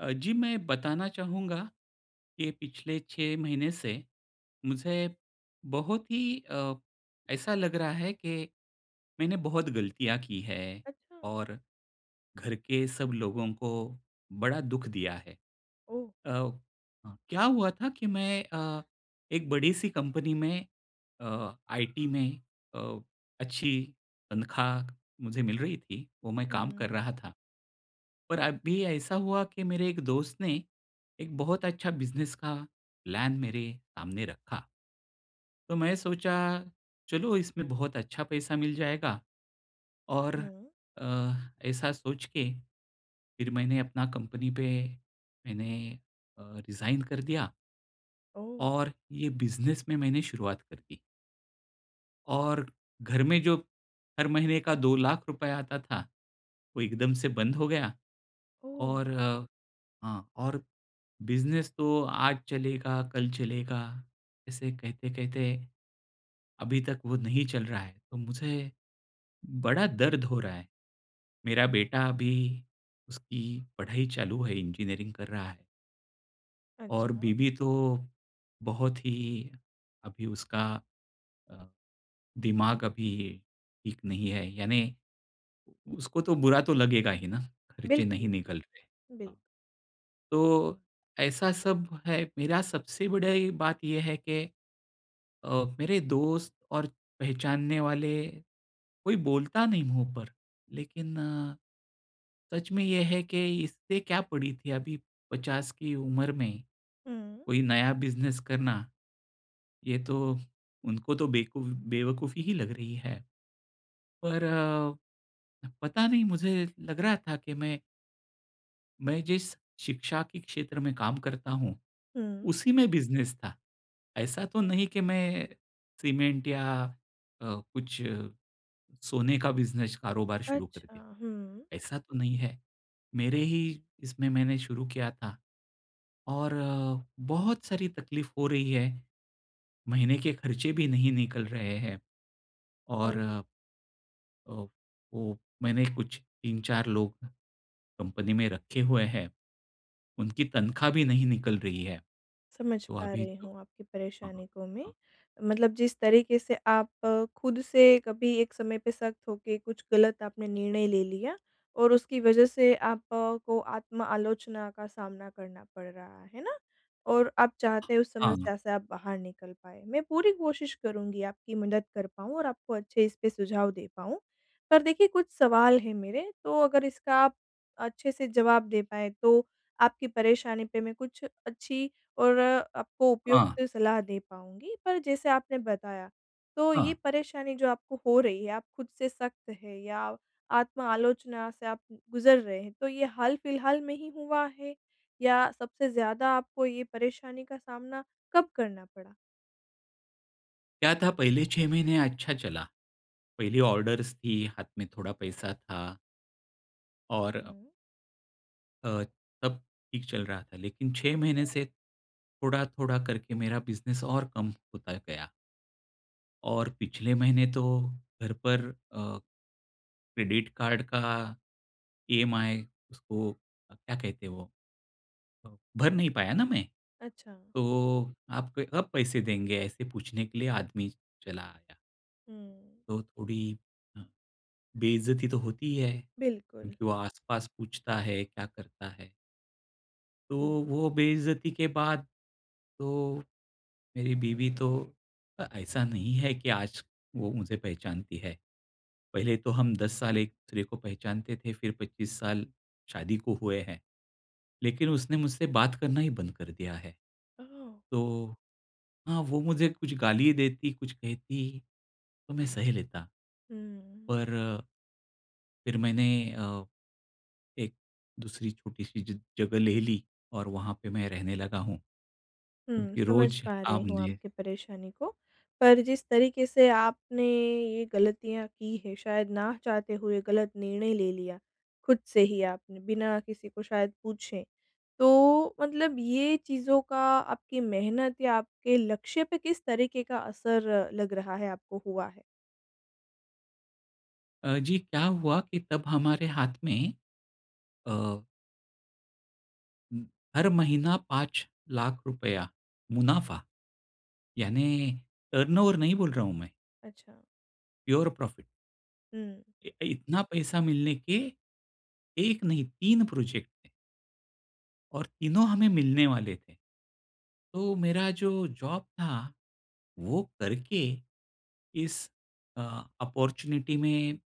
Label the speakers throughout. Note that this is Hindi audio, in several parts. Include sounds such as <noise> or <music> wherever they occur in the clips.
Speaker 1: अ, जी, मैं बताना चाहूँगा कि पिछले 6 महीने से मुझे बहुत ही अ, ऐसा लग रहा है कि मैंने बहुत गलतियाँ की है,
Speaker 2: अच्छा।
Speaker 1: और घर के सब लोगों को बड़ा दुख दिया है।
Speaker 2: ओह!
Speaker 1: अ अ, क्या हुआ था कि मैं अ, एक बड़ी-सी कंपनी में अ, आईटी में अ, अच्छी तनख्वाह मुझे मिल रही थी, वो मैं काम कर
Speaker 2: हुँ।
Speaker 1: रहा था। पर अभी ऐसा हुआ कि मेरे एक दोस्त ने एक बहुत अच्छा बिज़नेस का प्लान मेरे सामने रखा। तो मैं सोचा, "चलो, इसमें बहुत अच्छा पैसा मिल जाएगा।" और
Speaker 2: हुँ।
Speaker 1: अ, ऐसा सोच के फिर मैंने अपना कंपनी पे मैंने अ, रिज़ाइन कर दिया
Speaker 2: ओह!
Speaker 1: और ये बिज़नेस में मैंने शुरुआत कर दी। और घर में जो हर महीने का ₹2,00,000 आता था, वो एकदम से बंद हो गया,
Speaker 2: ओह!
Speaker 1: और हाँ, और बिज़नेस तो आज चलेगा, कल चलेगा, ऐसे कहते-कहते अभी तक वो नहीं चल रहा है। तो मुझे बड़ा दर्द हो रहा है। मेरा बेटा अभी उसकी पढ़ाई चालू है, इंजीनियरिंग कर रहा है। और
Speaker 2: अच्छा।
Speaker 1: बीवी तो, बहुत ही, अभी उसका अ, दिमाग़ अभी ठीक नहीं है, यानी उसको तो बुरा तो लगेगा ही ना ख़र्चे नहीं
Speaker 2: बिल्कुल,
Speaker 1: निकल रहे।
Speaker 2: बिल
Speaker 1: हाँ। तो ऐसा सब है मेरा सबसे बड़ी बात ये है कि, अ, मेरे दोस्त और पहचानने वाले, कोई बोलता नहीं मुँह पर, लेकिन सच में ये है कि इसे क्या पड़ी थी अभी 50 की उम्र में,
Speaker 2: हुँ।
Speaker 1: कोई नया बिज़नेस करना, ये तो उनको तो बेकूफ़ बेवकूफ़ी ही लग रही है। पर अ, पता नहीं मुझे लग रहा था कि मैं मैं जिस शिक्षा के क्षेत्र में काम करता हूँ,
Speaker 2: हुँ।
Speaker 1: उसी में बिज़नेस था। ऐसा तो नहीं कि मैं सीमेंट या अ, कुछ सोने का बिज़नेस कारोबार शुरू कर
Speaker 2: अच्छा,
Speaker 1: दिया,
Speaker 2: हुँ।
Speaker 1: ऐसा तो नहीं है। मेरे ही इसमें मैंने शुरू किया था और बहुत सारी तक़लीफ़ हो रही है, महीने के ख़र्चे भी नहीं निकल रहे हैं। और
Speaker 2: ओह!
Speaker 1: अ, वो मैंने कुछ 3-4 लोग कंपनी में रखे हुए हैं, उनकी तनख़्वाह भी नहीं निकल रही है।
Speaker 2: समझ
Speaker 1: तो
Speaker 2: पा
Speaker 1: अभी
Speaker 2: रही
Speaker 1: तो
Speaker 2: हूँ आपकी
Speaker 1: हाँ,
Speaker 2: परेशानी को मैं।
Speaker 1: हाँ।
Speaker 2: मतलब जिस तरीक़े से आप खुद से कभी एक समय पे सख्त होके, कुछ गलत आपने निर्णय ले लिया, और उसकी वजह से आपको आत्म-आलोचना का सामना करना पड़ रहा है ना? और आप चाहते हैं उस
Speaker 1: हाँ।
Speaker 2: समस्या से आप बाहर निकल पाएँ, मैं पूरी कोशिश करूँगी आपकी मदद कर पाऊँ और आपको अच्छे इस पे सुझाव दे पाऊँ, पर देखिए कुछ सवाल हैं मेरे तो अगर इसका आप अच्छे से जवाब दे पाएँ, तो आपकी परेशानी पे मैं कुछ अच्छी और आपको
Speaker 1: हाँ।
Speaker 2: उपयुक्त सलाह दे पाऊँगी। पर जैसे आपने बताया, तो ये
Speaker 1: हाँ।
Speaker 2: परेशानी जो आपको हो रही है, आप खुद से सख्त हैं या आत्म-आलोचना से आप उ गुज़र रहे हैं, तो ये हाल-फिलहाल में ही हुआ है या सबसे ज़्यादा आपको ये परेशानी का सामना कब करना पड़ा?
Speaker 1: क्या था पहले 6 महीने अच्छा चला। पहले ऑर्डर्स थी, हाथ में थोड़ा पैसा था। और
Speaker 2: हुँ।
Speaker 1: अ, तब ठीक चल रहा था। लेकिन 6 महीने से थोड़ा-थोड़ा करके मेरा बिज़नेस और कम होता गया। और पिछले महीने तो घर पर अ, क्रेडिट कार्ड का ईएमआई उसको क्या कहते हैं वो? अ, भर नहीं पाया ना मैं,
Speaker 2: अच्छा।
Speaker 1: तो आपके अब पैसे देंगे ऐसे पूछने के लिए आदमी चला आया।
Speaker 2: हुँ।
Speaker 1: तो थोड़ी अ, बेइज्जती तो होती ही है
Speaker 2: बिल्कुल।
Speaker 1: क्योंकि वो आसपास पूछता है, क्या करता है? तो
Speaker 2: हुँ।
Speaker 1: वो बेइज्जती के बाद तो मेरी बीवी तो ऐसा नहीं है कि आज वो मुझे पहचानती है। पहले तो हम 10 साल एक-दूसरे को पहचानते थे, फिर 25 साल शादी को हुए हैं। लेकिन उसने मुझसे बात करना ही बंद कर दिया है।
Speaker 2: ओह!
Speaker 1: तो हाँ, वो मुझे कुछ गाली ही देती, कुछ कहती तो मैं सह लेता।
Speaker 2: हुँ।
Speaker 1: पर फिर मैंने अ, एक-दूसरी छोटी-सी ज जगह ले ली और वहाँ पे मैं रहने लगा हूँ।
Speaker 2: हुँ,
Speaker 1: क्योंकि
Speaker 2: समझ
Speaker 1: रोज
Speaker 2: पा रही हूँ
Speaker 1: आपने
Speaker 2: आपकी परेशानी को। पर जिस तरीके से आपने ये गलतियाँ की हैं, शायद ना चाहते हुए गलत निर्णय ले लिया, खुद से ही आपने, बिना किसी को शायद पूछे। तो मतलब, ये चीज़ों का आपकी मेहनत या आपके लक्ष्य पे किस तरीके का असर लग रहा है आपको हुआ है?
Speaker 1: अ, जी क्या हुआ कि तब हमारे हाथ में अ हुँ, हर महीना 5 लाख़ रूपया मुनाफ़ा। यानि, टर्नओवर नहीं बोल रहा हूँ मैं।
Speaker 2: अच्छा।
Speaker 1: Pure profit.
Speaker 2: हुँ।
Speaker 1: इ इतना पैसा मिलने के, 1 नहीं 3 प्रॉजेक्ट है और तीनों हमें मिलने वाले थे। तो मेरा जो जॉब था। वो करके इस अ, ऑपर्च्युनिटी में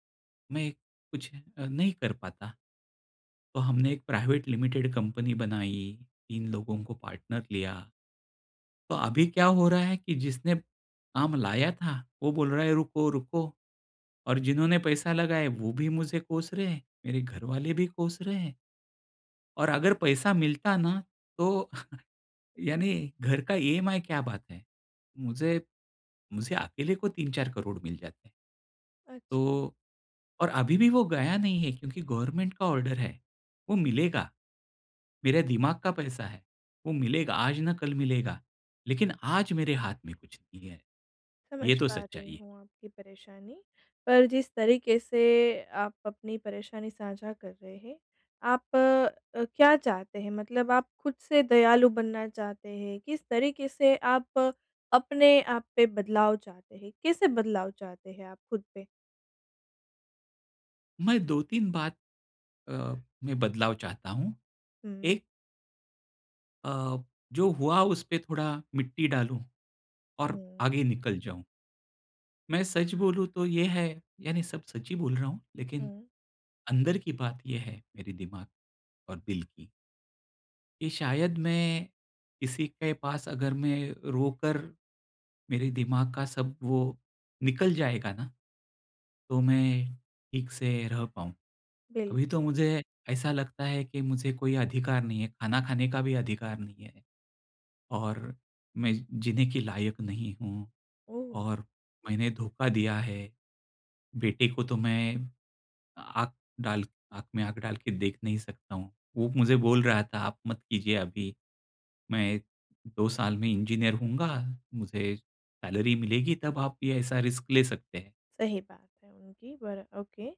Speaker 1: मैं कुछ अ, नहीं कर पाता। तो हमने एक प्राइवेट लिमिटेड कंपनी बनाई, 3 लोगों को पार्टनर लिया। तो अभी क्या हो रहा है कि जिसने काम लाया था, वो बोल रहा है रुको-रुको। और जिन्होंने पैसा लगाया, वो भी मुझे कोस रहे हैं, मेरे घरवाले भी कोस रहे हैं। और अगर पैसा मिलता ना, तो <laughs> यानी घर का ईएमआई क्या बात है? मुझे, मुझे अकेले को 3-4 करोड़ मिल जाते।
Speaker 2: अच्छा।
Speaker 1: तो और अभी भी वो गया नहीं है। क्योंकि गवर्नमेंट का ऑर्डर है, वो मिलेगा। मेरे दिमाग का पैसा है, वो मिलेगा आज ना कल मिलेगा, लेकिन आज मेरे हाथ में कुछ नहीं है, ये
Speaker 2: समझ
Speaker 1: तो
Speaker 2: पा रही
Speaker 1: सच्चाई है।
Speaker 2: हूँ आपकी परेशानी। पर जिस तरीके से आप अपनी परेशानी साझा कर रहे हैं, आप अ, क्या चाहते हैं? मतलब आप खुद से दयालु बनना चाहते हैं, किस तरीके से आप अपने आप पे बदलाव चाहते हैं? कैसे बदलाव चाहते हैं आप खुद पे?
Speaker 1: मैं 2-3 बात अ, में बदलाव चाहता हूँ।
Speaker 2: हुँ।
Speaker 1: एक अ, जो हुआ, उसपे थोड़ा मिट्टी डालूँ, और
Speaker 2: हुँ।
Speaker 1: आगे निकल जाऊँ। मैं सच बोलूँ, तो ये है, यानी सब सच्च ही बोल रहा हूँ, लेकिन
Speaker 2: हुँ।
Speaker 1: अंदर की बात ये है, मेरे दिमाग और दिल की कि शायद मैं किसी के पास अगर मैं रोकर मेरे दिमाग का सब वो निकल जाएगा ना, तो मैं ठीक से रह पाऊँ।
Speaker 2: बिल
Speaker 1: अभी तो मुझे ऐसा लगता है कि मुझे कोई अधिकार नहीं है, खाना खाने का भी अधिकार नहीं है, और मैं जीने के लायक नहीं हूँ,
Speaker 2: ओह!
Speaker 1: और मैंने धोखा दिया है। बेटे को तो मैं आँख डाल आँख में आँख डाल के देख नहीं सकता हूँ। वो मुझे बोल रहा था, "आप मत कीजिये अभी। मैं 2 साल में इंजीनियर हूँगा, मुझे सैलरी मिलेगी, तब आप ये ऐसा रिस्क ले सकते हैं।"
Speaker 2: सही बात है उनकी, पर ओके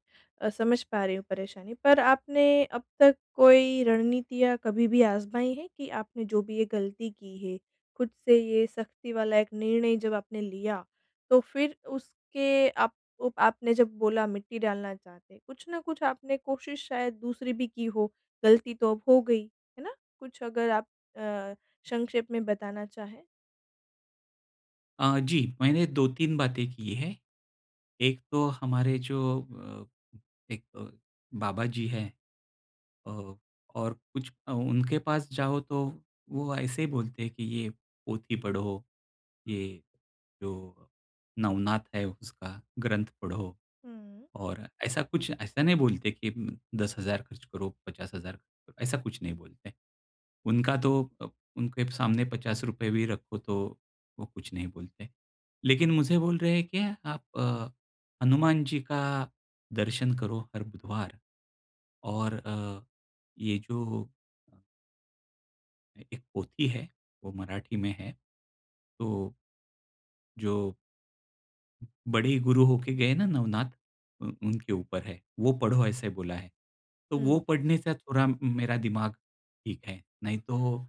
Speaker 2: अ, समझ पा रही हूँ परेशानी। पर आपने अब तक कोई रणनीतियाँ कभी भी आज़माई हैं कि आपने जो भी ये गलती की है, खुद से ये सख़्ती वाला एक निर्णय जब आपने लिया, तो फिर उसके आपको आपने जब बोला, मिट्टी डालना चाहते हैं, कुछ न कुछ आपने कोशिश शायद दूसरी भी की हो? गलती तो अब हो गई, है ना? कुछ अगर आप अ, संक्षेप में बताना चाहें।
Speaker 1: अ, जी। मैंने 2-3 बातें की हैं। एक तो हमारे जो अ, एक बाबाजी हैं। अ, और कुछ अ, उनके पास जाओ तो वो ऐसे ही बोलते हैं कि ये पोथी पढ़ो, ये जो नवनाथ है उसका ग्रंथ पढ़ो।
Speaker 2: हुँ।
Speaker 1: और ऐसा कुछ ऐसा नहीं बोलते कि म 10,000 ख़र्च करो, 50,000 ऐसा कुछ नहीं बोलते। उनका तो अ, उनके सामने ₹50 भी रखो तो वो कुछ नहीं बोलते। लेकिन मुझे बोल रहे हैं क्या आप अ, हनुमान जी का दर्शन करो हर बुधवार। और अ, ये जो एक पोथी है, वो मराठी में है। तो जो बड़े गुरु होके गए ना नवनाथ, उन उनके ऊपर है, वो पढ़ो ऐसे बोला है। तो वो
Speaker 2: हुँ।
Speaker 1: पढ़ने से थोड़ा मेरा दिमाग ठीक है, नहीं तो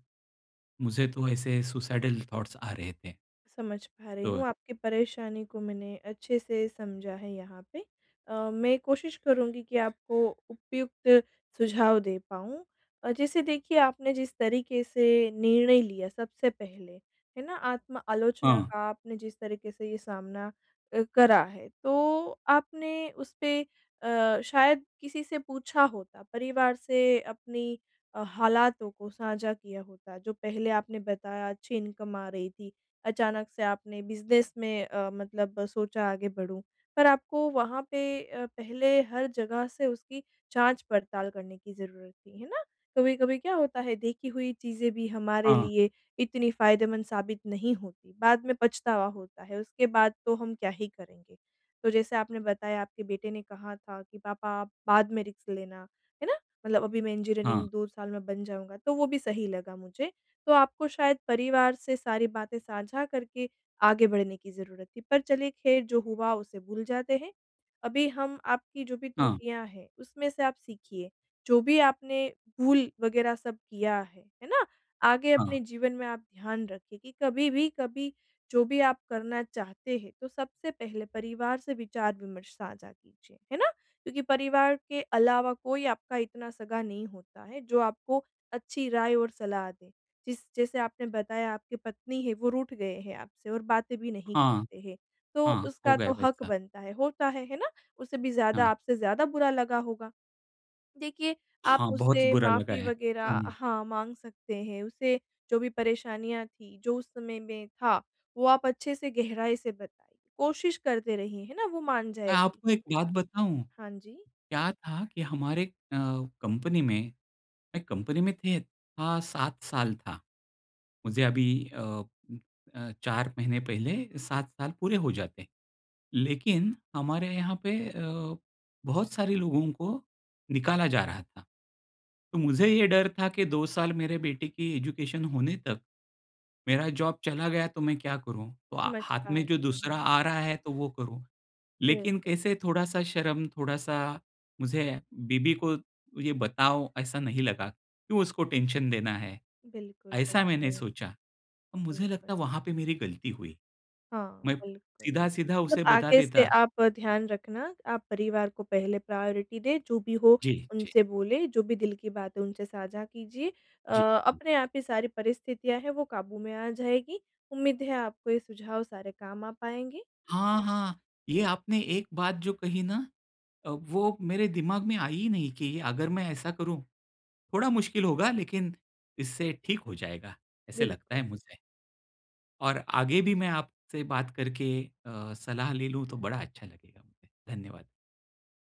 Speaker 1: मुझे तो ऐसे सुसाइडल थॉट्स आ रहे थे।
Speaker 2: समझ पा रही
Speaker 1: तो है।
Speaker 2: हूँ, आपकी परेशानी को मैंने अच्छे से समझा है यहाँ पे। अ, मैं कोशिश करुँगी कि आपको उपयुक्त सुझाव दे पाऊँ। अ, जैसे देखिए, आपने जिस तरीके से निर्णय लिया सबसे पहले, है ना? आत्म आलोचना
Speaker 1: हाँ।
Speaker 2: का आपने जिस तरीके से ये सामना अ, करा है, तो आपने उसपे अ, शायद किसी से पूछा होता, परिवार से अपनी अ, हालातों को साझा किया होता। जो पहले आपने बताया, अच्छी इनकम आ रही थी। अचानक से आपने बिज़नेस में अ, मतलब सोचा आगे बढ़ूँ। पर आपको वहाँ पे अ, पहले हर जगह से उसकी जाँच-पड़ताल करने की ज़रूरत थी। है ना? कभी-कभी क्या होता है, देखी हुई चीज़ें भी हमारे
Speaker 1: हाँ।
Speaker 2: लिए इतनी फ़ायदेमंद साबित नहीं होती। बाद में पछतावा होता है। उसके बाद तो हम क्या ही करेंगे? तो जैसे आपने बताया, आपके बेटे ने कहा था कि, "पापा आप बाद में रिस्क लेना।" है ना? "मतलब अभी मैं
Speaker 1: हाँ।
Speaker 2: इंजीनियरिंग 2 साल में बन जाऊँगा।" तो वो भी सही लगा मुझे। तो आपको शायद परिवार से सारी बातें साझा करके आगे बढ़ने की ज़रुरत थी। पर चलिए ख़ैर जो हुआ उसे भूल जाते हैं। अभी हम आपकी जो भी
Speaker 1: हाँ।
Speaker 2: त्रुटियाँ हैं, उसमें से आप सीखिए। जो भी आपने भूल वगैरह सब किया है, है ना? आगे
Speaker 1: हाँ।
Speaker 2: अपने जीवन में आप ध्यान रखिए कि कभी भी, कभी जो भी आप करना चाहते हैं, तो सबसे पहले परिवार से विचार-विमर्श साझा कीजिए। है ना? क्योंकि परिवार के अलावा कोई आपका इतना सगा नहीं होता है, जो आपको अच्छी राय और सलाह दे। जिस जैसे आपने बताया, आपकी पत्नी है, वो रूठ गए हैं आपसे और बातें भी नहीं
Speaker 1: हाँ।
Speaker 2: करते हैं। तो
Speaker 1: हाँ, हो
Speaker 2: उसका
Speaker 1: गया
Speaker 2: तो हक
Speaker 1: वैसा।
Speaker 2: बनता है, होता है, है ना? उसे भी ज़्यादा
Speaker 1: हाँ।
Speaker 2: आपसे ज़्यादा बुरा लगा होगा। देखिए, आप
Speaker 1: हाँ, बहुत ही
Speaker 2: उससे
Speaker 1: बुरा लगा
Speaker 2: माफ़ी
Speaker 1: है।
Speaker 2: वगैरह
Speaker 1: हुँ।
Speaker 2: हाँ, माँग सकते हैं। उसे जो भी परेशानियाँ थी, जो उस समय में था, वो आप अच्छे से, गहराई से बताइए। कोशिश करते रहिए। है ना? वो मान
Speaker 1: मैं
Speaker 2: जाएगी।
Speaker 1: आपको एक बात बताऊँ?
Speaker 2: हाँ जी।
Speaker 1: क्या था कि हमारे अ, कंपनी में, मैं कंपनी में थे था, 7 साल था। मुझे अभी अ, उम, अ, 4 महीने पहले 7 साल पूरे हो जाते। लेकिन हमारे यहाँ पे अ, बहुत सारे लोगों को निकाला जा रहा था। तो मुझे ये डर था कि, "2 साल मेरे बेटे की एजुकेशन होने तक, मेरा जॉब चला गया, तो मैं क्या करूँ?" तो आ
Speaker 2: समझ
Speaker 1: हाथ
Speaker 2: पा
Speaker 1: में जो
Speaker 2: रही
Speaker 1: दूसरा
Speaker 2: हूँ।
Speaker 1: आ रहा है, तो वो करूँ। लेकिन
Speaker 2: बिल्कुल।
Speaker 1: कैसे थोड़ा-सा शर्म, थोड़ा-सा मुझे, बीवी को ये बताऊँ, ऐसा नहीं लगा। "क्यों उसको टेंशन देना है?"
Speaker 2: बिल्कुल,
Speaker 1: ऐसा मैंने
Speaker 2: बिल्कुल।
Speaker 1: सोचा। अब मुझे लगता
Speaker 2: बिल्कुल।
Speaker 1: है, वहाँ पे मेरी गलती हुई।
Speaker 2: हाँ,
Speaker 1: मैं
Speaker 2: बिल्कुल।
Speaker 1: सीधा-सीधा
Speaker 2: मतलब
Speaker 1: उसे बता
Speaker 2: आगे से
Speaker 1: देता।
Speaker 2: आप ध्यान रखना, आप परिवार को पहले प्रायोरिटी दें, जो भी हो,
Speaker 1: जी, जी।
Speaker 2: उनसे बोलें, जो भी दिल की बात है, उनसे साझा कीजिए। अ,
Speaker 1: जी।
Speaker 2: अपने आप ही सारी परिस्थितियाँ हैं, वो काबू में आ जाएँगी। उम्मीद है, आपको ये सुझाव सारे काम आ पाएँगे।
Speaker 1: हाँ, हाँ। ये आपने एक बात जो कही ना अ, वो मेरे दिमाग में आई ही नहीं कि अगर मैं ऐसा करूँ, थोड़ा मुश्किल होगा, लेकिन इससे ठीक हो जाएगा। ऐसा लगता
Speaker 2: बिल्कुल।
Speaker 1: है मुझे। और आगे भी मैं आपसे बात करके अ, सलाह ले लूँ, तो बड़ा अच्छा लगेगा मुझे। धन्यवाद।